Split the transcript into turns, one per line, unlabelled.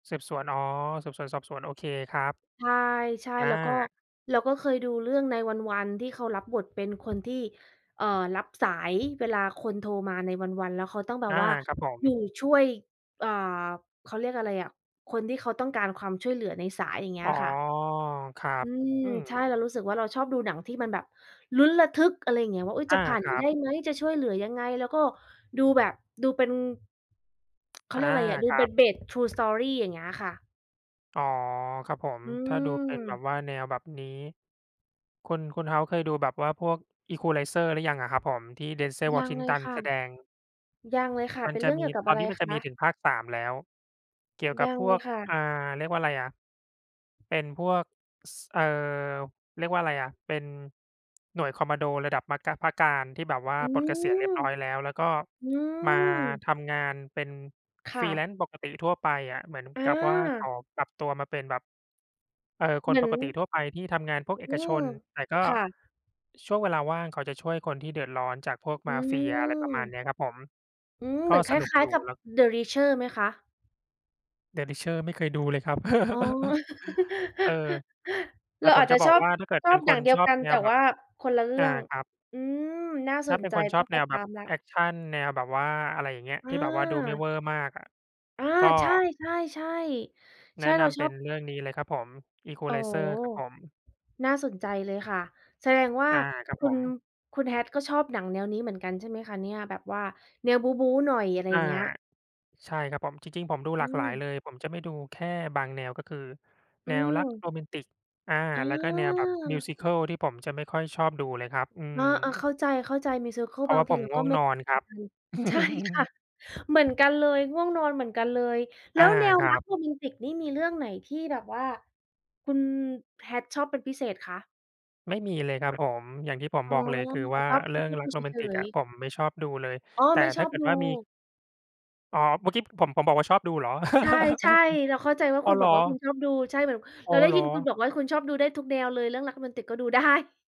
สืบสวน อ๋อ สืบสวนสอบสวน โอเคครับ
ใช่
อ
ๆ แล้วก็
า
เราก็เคยดูเรื่อง 9-1-1 ที่เขารับบทเป็นคนที่ เอ่อ รับสาย เวลาคนโทรมา 9-1-1 แล้วเขาต้องแบ
อ
บ
า
ว่า
ครับผม
อยู่ช่วย อ่า เขาเรียกอะไรอะ คนที่เขาต้องการความช่วยเหลือในสาย อย่างเงี้
อ๋อ
ยค่ะ
ครั
อ
บ
ืม
อื
ใช่
ม
เรารู้สึกว่า เราชอบดูหนังที่มันแบบลุ้นระทึก อะไรอย่างเงี้ย ว่า อุ๊ย
อ
จะ
า
ผ่าน
ครั
ได
บ
้ไหม จะช่วยเหลือยังไง แล้วก็ดูแบบ ดูเป็น เขา
อ
เร
า
ียกอะไรอะ ดู
ครั
เป็
บ
น based true story อย่างเงี้ยค่ะ
อ๋อ ครับผม
อื
ถ้าดูเป็นแบบ
ม
ว่า แนวแบบนี้ คุณ คุณ House เคยดูแบบว่าพวก Equalizer หรือยังอะครับผม? ที่ Denzel
ยังเลย
Washington
ค่ะ
แสดง
ยังเลยค่ะ
มั
เป
น
็น
จ
เร
ะ
ื่อง
ม
เก
ี
ี่ยวกับ
ต
อ
อ
ะ
น
ไร
นี้มัน
ค
จะม
ะ?
ีถึงภาค 3 แล้ว เกี่ยวก
ย
ับ
ัง
พ
เล
วก
ยค่ะ
อ่า เรียกว่าอะไรอะ เป็นพวก ส เอ่อ เรียกว่าอะไรอะ เป็นหน่วยคอมมานโด ระดับมะกะ พระกาฬ ที่แบบว่า
อื
ปลดเกษียณเรี
ม!
ยบร้อยแล้ว แล้วก็
อื
มา
ม!
ทำงานเป็น
ค่ะ
freelance ปกติทั่วไปอะ เหมือน
อ
กับว่าเข
า
าปรับตัวมาเป็นแบบ เอ่อ ค
เหม
น
ือ
ป
น
กติทั่วไปที่ทำงานพวกเอ
อื
กช
ม
น แต่ก็
ค่ะ
ช่วงเวลาว่างเขาจะช่วยคนที่เดือดร้อนจากพวก
อ
ม
ื
าเฟีย อะไรประมาณ
ม
เนี้ยครับผม
อืม
ก
เห
็
มือนค
สนุก
ล้า
อย
ย
ู
ๆ
่
กับ
แล้ว
เดอะรีชเชอร์ไหมคะ?
เดอะรีชเชอร์ ไม่เคยดูเลยครับ
อ๋อ
เออ แต
เร
่
า
ผ
อา
ม
จจ
จะ
ะ
บ
ช
อ
อ
ก
บ
ว่าถ้าเกิด
ช
เ
อ
ป็
บ
น
อ
ค
ย่า
น
งเดีย
ช
ว
อ
ก
บ
ัน
แน
แต่
วแบ
ว
บ
่าคนละเรื่
อา
อง
ครับ
อืม! น่า
ถ
ส
้า
น
เป็น
ใจ
คนช
ต้
อ
อง
บ
ไ
แ
ป
นว
ต
แบ
า
บ
มแล้
แ
ว
อกชัน แนวแบบว่าอะไรอย่างเงี้ย
อ
ที่แบบว่าดูไม่
า
เวอร์มากอะ
อา
ก็
ใช่ ๆ ๆ ใ
แ
ช
นะ
่ เ
น
รา
ำ
ช
เป
อ
็
บ
นเรื่องนี้เลยครับผม
อ๋อ
Equalizer ครับผม
น่าสนใจเลยค่ะ แสดงว่า
อา ครับ
คุ
ผ
ณ
ม
คุณ Hat ก็ชอบหนังแนวนี้เหมือนกันใช่ไหมคะเนี่ย? แบบว่าแนวบู๊ ๆ หน่อย อะไร
อ
อย
า
่างเงี้ย
ใช่ครับผม จริง ๆ ผมดู
อ
ห
ื
ลากหลายเ
ม
ลย ผมจะไม่ดูแค่บางแนว ก็คือ
อื
แนวรัก
ม
โรแมนติก อา
เอ
แล้วก็แนวแบบ
อ!
musical ที่ผมจะไม่ค่อยชอบดูเลยครับ อื
เออ ๆ เ
ม
ข้าใจ ๆ musical
เพรา
บ
ะว
า
่
ง
า
ท
ผ
ี
ม
เรา
ง่
ก็
วง
ไม่
น
ดู
อนค
เหม
รั
ือ
บ
นกัน ใช่ค่ะ เหมือนกันเลย ง่วงนอนเหมือนกันเลย แล
อ
้
า
วแนว
คร
ร
ั
ัก
บ
โรแมนติกนี่มีเรื่องไหนที่แบบว่าคุณ Hat ชอบเป็นพิเศษคะ?
ไม่มีเลยครับผม อย่างที่ผม
อ๋อ
บอกเลย คือ
แต
ว
่
่า
ชอบ
เรื่องรั
musical
กโรแม
เ
น
ฉ
ติก
ย
อะ
ๆ
ผมไม่ชอบดูเลย
อ๋อ
แต่
ไม่
ถ
ช
้
อ
า
บ
เกิด
ดู
ว่ามี อ๋อ เมื่อกี้ผม ผมบอกว่าชอบดูเหรอ
ใช่ ๆ เราเข้าใจว่า
อ๋
คุ
อ
ณ
เห
บ
ร
อก
อ!
ว่าคุณชอบดู ใช่ แบบ
อ
เ
๋
รา
อ
ได้
เหร
ยิ
อ
นคุณบอกว่า คุณชอบดูได้ทุกแนวเลย เรื่องรักโรแมนติกก็ดู ได้